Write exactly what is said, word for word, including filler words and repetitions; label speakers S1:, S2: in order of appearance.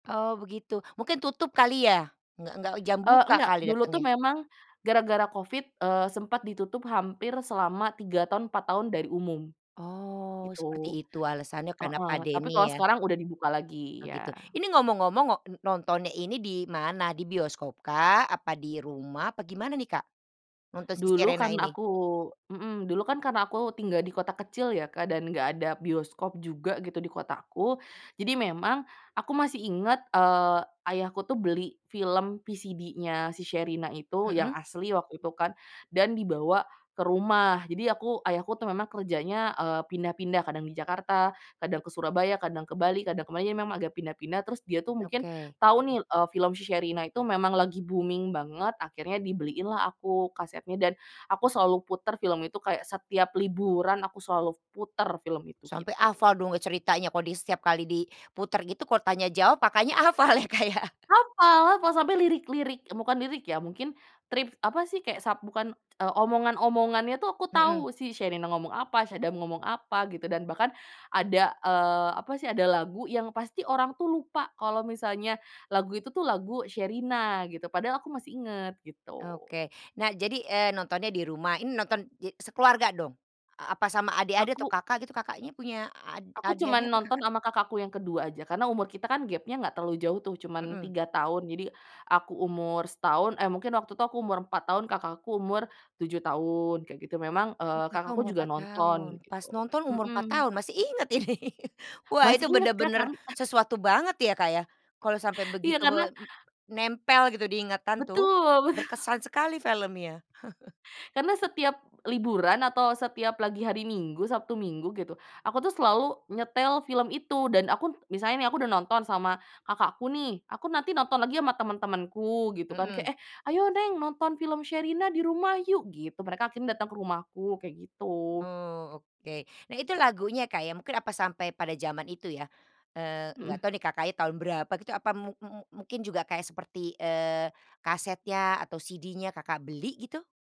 S1: Oh begitu, mungkin tutup kali ya, nggak nggak jam
S2: Eee
S1: buka
S2: nggak,
S1: kali
S2: dulu
S1: datengnya.
S2: tuh memang gara-gara covid, eee, sempat ditutup hampir selama tiga tahun, empat tahun dari umum,
S1: Oh,
S2: itu.
S1: seperti itu alasannya karena
S2: Heeh, tapi
S1: pandemi
S2: kalo
S1: ya.
S2: sekarang udah dibuka lagi,
S1: Oh gitu,
S2: iya.
S1: ini ngomong-ngomong wak e nontonnya ini di mana, di bioskop kah, apa di rumah, apa gimana nih Kak, nonton Si
S2: Dulu
S1: Sherina
S2: karena
S1: ini?
S2: aku mhm, dulu kan karena aku tinggal di kota kecil ya Kak, dan nggak ada bioskop juga gitu, di kotaku. Jadi memang aku masih inget, eee, ayahku tuh beli film VCD-nya si Sherina itu, yang
S1: Mhm.
S2: asli waktu itu kan, dan dibawa ke rumah. Jadi aku ayahku tuh memang kerjanya, eee, pindah-pindah, kadang di Jakarta, kadang ke Surabaya, kadang ke Bali, kadang ke mana. Jadi memang agak pindah-pindah, terus dia tuh mungkin
S1: Okey.
S2: tahu nih, eee, film si Sherina itu memang lagi booming banget. Akhirnya dibeliin lah aku kasetnya dan, aku selalu puter film itu kayak setiap liburan, aku selalu puter film itu,
S1: Sampe
S2: gitu.
S1: hafal dong ceritanya kok di setiap kali diputer gitu, kalau tanya jawab, makanya hafal ya Kak ya.
S2: Hapal lah sampai lirik-lirik, bukan lirik ya mungkin, trip apa sih kek sab bukan, eee, omongan-omongannya tuh aku
S1: Mhm.
S2: tahu si Sherina ngomong apa, Sadam ngomong apa, gitu. Dan bahkan ada, eee, apa sih, ada lagu yang pasti orang tuh lupa kalo misalnya lagu itu tuh lagu Sherina, gitu. Padahal aku masih inget gitu.
S1: Oke, nah jadi, eee, nontonnya di rumah, ini nonton di sekeluarga dong? A apa sama adik-adik atau
S2: Aku
S1: Kakak gitu, Kakaknya punya a ad
S2: aku cuman
S1: adik-adik apa
S2: nonton
S1: Kakak?
S2: ama kakakku yang kedua aja, karena umur kita kan gapnya nggak terlalu jauh tuh, cuman
S1: Mhm.
S2: tiga tahun. Jadi aku umur setahun, eh mungkin waktu itu aku umur empat tahun, kakakku umur tujuh tahun kayak gitu memang, eee,
S1: Oh Kakak
S2: kakakku
S1: umur
S2: juga
S1: empat
S2: nonton
S1: tahun,
S2: gitu.
S1: pas nonton umur empat
S2: Mhm.
S1: tahun. Masih inget ini, wah
S2: Masih
S1: itu
S2: inget kan
S1: benar-benar
S2: tan
S1: sesuatu banget ya Kak ya, kalau sampai
S2: Iya,
S1: begitu be
S2: karena
S1: nempel gitu di ingatan tuh,
S2: Betul betul.
S1: berkesan sekali filmnya.
S2: Karena setiap liburan atau setiap lagi hari Minggu, Sabtu Minggu gitu, aku tuh selalu nyetel film itu, dan aku misalnya nih aku udah nonton sama kakak aku nih, aku nanti nonton lagi sama teman-temanku gitu kan, kek
S1: Mhm.
S2: "eh ayo neng, nonton film Sherina di rumah yuk" gitu. Mereka akhirnya datang ke rumahku, kayak gitu.
S1: Oh, oke. Nah, itu lagunya Kak ya, mungkin apa sampai pada jaman itu ya, eee, nggak
S2: Mhm.
S1: tahu nih Kakaknya tahun berapa gitu apa mu mu mungkin juga kayak seperti, eee, kasetnya atau CD-nya Kakak beli gitu?